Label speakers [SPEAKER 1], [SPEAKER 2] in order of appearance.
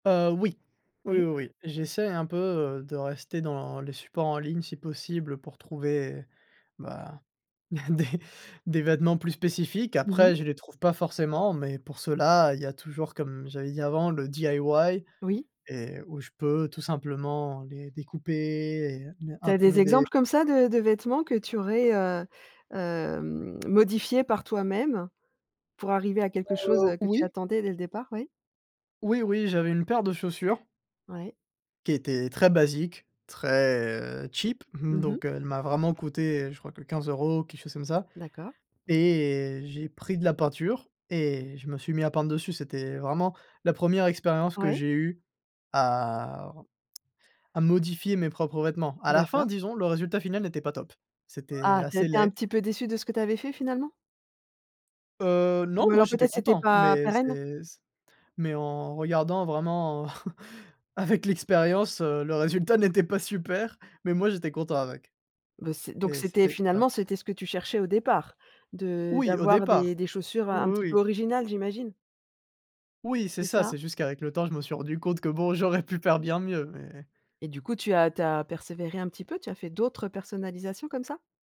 [SPEAKER 1] Heu, oui, oui,
[SPEAKER 2] Oui.
[SPEAKER 1] oui, oui, j'essaie un peu, heu, de rester dans les supports en ligne, si possible pour trouver, bah, des des vêtements plus spécifiques.
[SPEAKER 2] Mmh mh.
[SPEAKER 1] Après, je les trouve pas forcément mais, pour cela, il y a toujours comme j'avais dit avant, le DIY
[SPEAKER 2] Oui.
[SPEAKER 1] et où je peux tout simplement, les découper et heu, ne
[SPEAKER 2] Tu as des
[SPEAKER 1] imprimer des
[SPEAKER 2] exemples, comme ça, de de vêtements que tu aurais, heu, hem, modifiés par toi-même, pour arriver à quelque chose,
[SPEAKER 1] Heu,
[SPEAKER 2] heu, que tu
[SPEAKER 1] oui.
[SPEAKER 2] attendais dès le départ, oui?
[SPEAKER 1] Oui, oui. J'avais une paire de chaussures
[SPEAKER 2] Ouais.
[SPEAKER 1] qui était très basique, très, heu, cheap, mmh,
[SPEAKER 2] Mmh mh.
[SPEAKER 1] donc, heu, elle m'a vraiment coûté, heu, je crois que 15 euros, quelque chose comme ça
[SPEAKER 2] D'accord.
[SPEAKER 1] et j'ai pris de la peinture et je me suis mis à peindre dessus. C'était, heu, vraiment la 1re expérience que
[SPEAKER 2] Ouais.
[SPEAKER 1] j'ai eue, à re à modifier mes propres vêtements. À la fin,
[SPEAKER 2] D'accord.
[SPEAKER 1] disons, le résultat final n'était pas top. C'était
[SPEAKER 2] Ah, tu as
[SPEAKER 1] assez
[SPEAKER 2] été un
[SPEAKER 1] laid.
[SPEAKER 2] petit peu déçu de ce que tu avais fait, finalement?
[SPEAKER 1] Heu, non,
[SPEAKER 2] Ou
[SPEAKER 1] moi,
[SPEAKER 2] alors,
[SPEAKER 1] j'étais
[SPEAKER 2] peut-être, c'était
[SPEAKER 1] content,
[SPEAKER 2] pas
[SPEAKER 1] mais
[SPEAKER 2] pérenne?
[SPEAKER 1] c'est s mais en regardant vraiment, avec l'expérience, heu, le résultat n'était pas super. Mais, moi, j'étais content avec
[SPEAKER 2] Bah, c donc
[SPEAKER 1] et
[SPEAKER 2] c'était,
[SPEAKER 1] c'était à
[SPEAKER 2] finalement, c'était ce que tu cherchais au départ, de
[SPEAKER 1] Oui, au
[SPEAKER 2] d'avoir des
[SPEAKER 1] départ,
[SPEAKER 2] des chaussures
[SPEAKER 1] ou
[SPEAKER 2] un
[SPEAKER 1] ou
[SPEAKER 2] petit peu
[SPEAKER 1] oui.
[SPEAKER 2] originales, j'imagine?
[SPEAKER 1] Oui, c'est
[SPEAKER 2] C'est
[SPEAKER 1] ça.
[SPEAKER 2] ça.
[SPEAKER 1] C'est juste qu'avec le temps, je me suis rendu compte que, bon, j'aurais pu faire bien mieux, mais
[SPEAKER 2] Et du coup, tu as tu as persévéré, un petit peu? Tu as fait d'autres personnalisations, comme ça?